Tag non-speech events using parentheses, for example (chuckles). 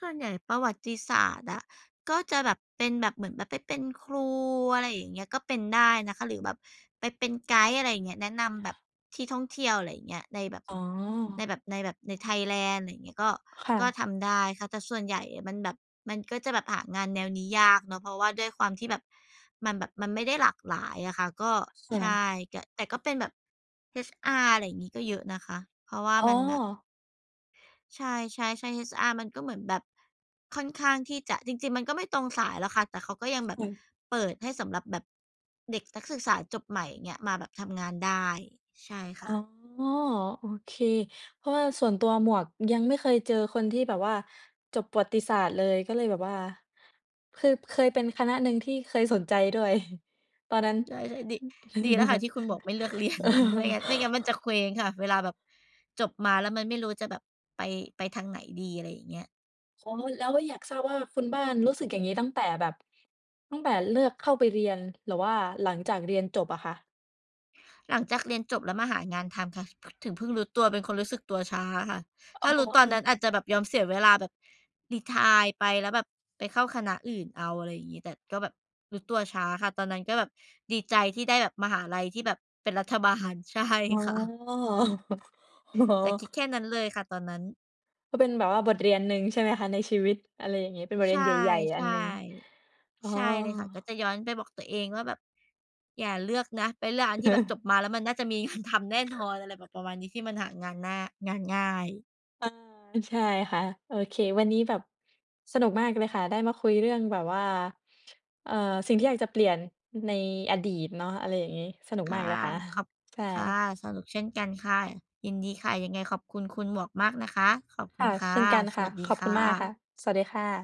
ส่วนใหญ่ประวัติศาสตร์อะ ก็จะแบบเป็นแบบเหมือนแบบไปเป็นครู อะไรอย่างเงี้ย ก็เป็นได้นะคะ หรือแบบไปเป็นไกด์ อะไรอย่างเงี้ย แนะนำแบบที่ท่องเที่ยว อะไรอย่างเงี้ย ในแบบ อ๋อ ในแบบ ในแบบ ในไทยแลนด์ อย่างเงี้ย ก็ ค่ก็ะ ทำได้ค่ะ แต่ส่วนใหญ่อะมันแบบ มันก็จะแบบหางานแนวนี้ยากเนาะ เพราะว่าด้วยความที่แบบมันแบบ มันไม่ได้หลากหลายอะค่ะ ก็ จ้ใชะ ่ แกะ แต่ก็เป็นแบบ HR อะไรงี้ ก็เยอะนะคะ เพราะว่าอ๋อ มันแบบ ใช่ ๆ ๆ HR มันก็เหมือนแบบ ค่อนข้างที่จะ จริง ๆ มันก็ไม่ตรงสายหรอกค่ะ แต่เขาก็ยังแบคบ่ะ เปิดให้สำหรับแบบเด็กนักศึกษาจบใหม่ อย่างเงี้ย มาแบบทำงานได้ ใช่อค๋อ ่ะ โอเค เพราะว่าส่วนตัว หมวกยังไม่เคยเจอคนที่แบบว่าจบประวัติศาสตร์เลย ก็เลยแบบว่า คือเคยเป็นคณะหนึ่งที่เคยสนใจด้วย (chuckles) ตอนนั้น ใช่ ๆ ดิ ดีแล้วค่ะท(chuckles) ี่คุณมวกไม่เลือก เรียน (chuckles) ไม่งั้น ไม่งั้นมันจะเคว้งค่ะ เวลาแบบจบมาแล้วมันไม่รู้จะแบบไป ไปทางไหนดี อะไรอย่างเงี้ย อ๋อ แล้วก็อยาก ทราบว่า คุณบ้านรู้สึกอย่างงี้ตั้งแต่แบบ ตั้งแต่เลือกเข้าไปเรียน หรือว่าหลังจากเรียนจบอ่ะค่ะ? หลังจากเรียนจบแล้วมาหางานทำค่ะ ถึงเพิ่งรู้ตัว เป็นคนรู้สึกตัวช้าค่ะ อถ๋้อ ารู้ตอคน่นั้ะ นอาจจะแบบยอมเสียเวลาแบบรีไทร์ไป แล้วแบบไปเข้าคณะอื่นเอา อะไรงี้ แต่ก็แบบรู้ตัวช้าค่ะ ตอนนั้นก็แบบดีใจที่ได้แบบมหาลัยที่แบบเป็นรัฐบาล ใช่อ๋อ ค่ะ (chuckles) โอ้โฮ แต่คิด แค่นั้นเลยค่ะ ตอนนั้น ก็เป็นแบบว่าบทเรียนหนึ่ง ใช่ไหมคะ? ในชีวิต อะไรอย่างงี้ เป็นบทเใชรีย่ นใหญ่ ๆ ใอัชน่ หนึ่ง อ๋อ ใช่เลยค่ะ ก็จะย้อนไปบอกตัวเองว่า แบบ "อย่าเลือกนะ ไปเลือกอันที่แบบจ(chuckles) บมาแล้วมันน่าจะมี งาน ทำแน่นอน" อะไรแบบประมาณนี้ที่มันหางานหน้า งานง่าย อา ใช่ค่ะ โอเค วันนี้แบบ สนุกมากเลยค่ะ ได้มาคุยเรื่องแบบว่า เอ่อ สิ่งที่อยากจะเปลี่ยนในอดีตเนาะ อะไรอย่างงี้ สนุกคม่าะ กเลยค่ะ ขอ(chuckles) บ ใชค่ะ ่ สนุก เช่นกันค่ะ ยินดีค่ะ ยังไงขอบคุณคุณหมวกมากนะคะ ขอบคคุ่ณะ ค่เะ ช่นกันสค่วะ ัสดีขอบคคุ่ณมากค่ะ ะ สวัสดีค่ะ